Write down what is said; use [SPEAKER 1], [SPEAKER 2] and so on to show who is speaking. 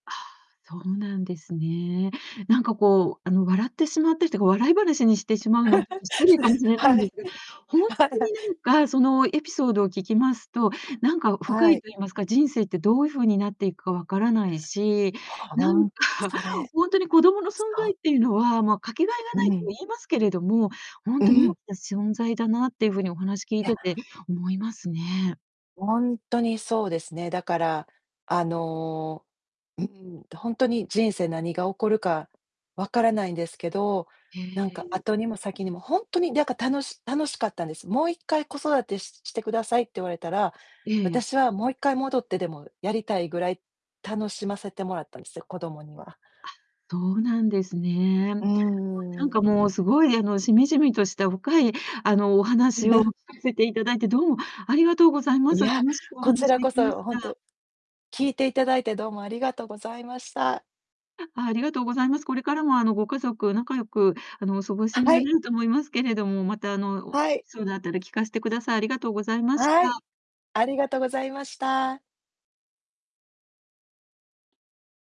[SPEAKER 1] ああ、そうなんですね。なんかこう、あの、笑ってしまってというか、笑い話にしてしまうのはちょっと 失礼
[SPEAKER 2] それ、
[SPEAKER 1] かもしれない
[SPEAKER 2] は
[SPEAKER 1] ん
[SPEAKER 2] い。
[SPEAKER 1] ですが、ほんとに なんか、そのエピソードを聞きますと、なんか深
[SPEAKER 2] は
[SPEAKER 1] い
[SPEAKER 2] い。
[SPEAKER 1] と言いますか、人生ってどういう風になっていくか分からないし、な
[SPEAKER 2] ほ
[SPEAKER 1] ん
[SPEAKER 2] ん
[SPEAKER 1] か
[SPEAKER 2] それ、
[SPEAKER 1] ほんとに子供の存在
[SPEAKER 2] そ
[SPEAKER 1] っていうのは、ま、かけがえが
[SPEAKER 2] う
[SPEAKER 1] ないと
[SPEAKER 2] ん。
[SPEAKER 1] 言いますけれども、ほん
[SPEAKER 2] う
[SPEAKER 1] とに大
[SPEAKER 2] ん。
[SPEAKER 1] きな存在だなっていう風にお話聞い
[SPEAKER 2] いや
[SPEAKER 1] てて思いますね。
[SPEAKER 2] ほんとにそうですね。だから、あの、うん、とほんとに人生何が起こるか分からないんですけど、
[SPEAKER 1] へ
[SPEAKER 2] なんか、
[SPEAKER 1] え。
[SPEAKER 2] 後にも先にも、ほんとに、なんか、楽し楽しかったんです。もう1回子育てしして下さいって言われたら、
[SPEAKER 1] ええ。
[SPEAKER 2] 私はもう1回戻ってでもやりたいぐらい、楽しませてもらったんですよ、子供には。
[SPEAKER 1] あ、そうなんですね。あ、
[SPEAKER 2] う
[SPEAKER 1] なんか
[SPEAKER 2] ん。
[SPEAKER 1] もう凄い、あの、しみじみとした深い、あの、お話を 聞かせて頂いてどうもありがとうございま
[SPEAKER 2] い
[SPEAKER 1] す。
[SPEAKER 2] や、
[SPEAKER 1] 楽しくお
[SPEAKER 2] こち
[SPEAKER 1] 話
[SPEAKER 2] ら
[SPEAKER 1] で
[SPEAKER 2] こ
[SPEAKER 1] きまし
[SPEAKER 2] そほん
[SPEAKER 1] た。
[SPEAKER 2] と聞いていただいてどうもありがとうございました。
[SPEAKER 1] あ、ありがとうございます。これからもあの、ご家族仲良く、あの、お過ごしに
[SPEAKER 2] は
[SPEAKER 1] な
[SPEAKER 2] い。
[SPEAKER 1] れると思いますけれども、またあの、お
[SPEAKER 2] は
[SPEAKER 1] エピ
[SPEAKER 2] い。
[SPEAKER 1] ソードあったら聞かしてください。ありがとうございまし
[SPEAKER 2] はい、
[SPEAKER 1] た。
[SPEAKER 2] ありがとうございました。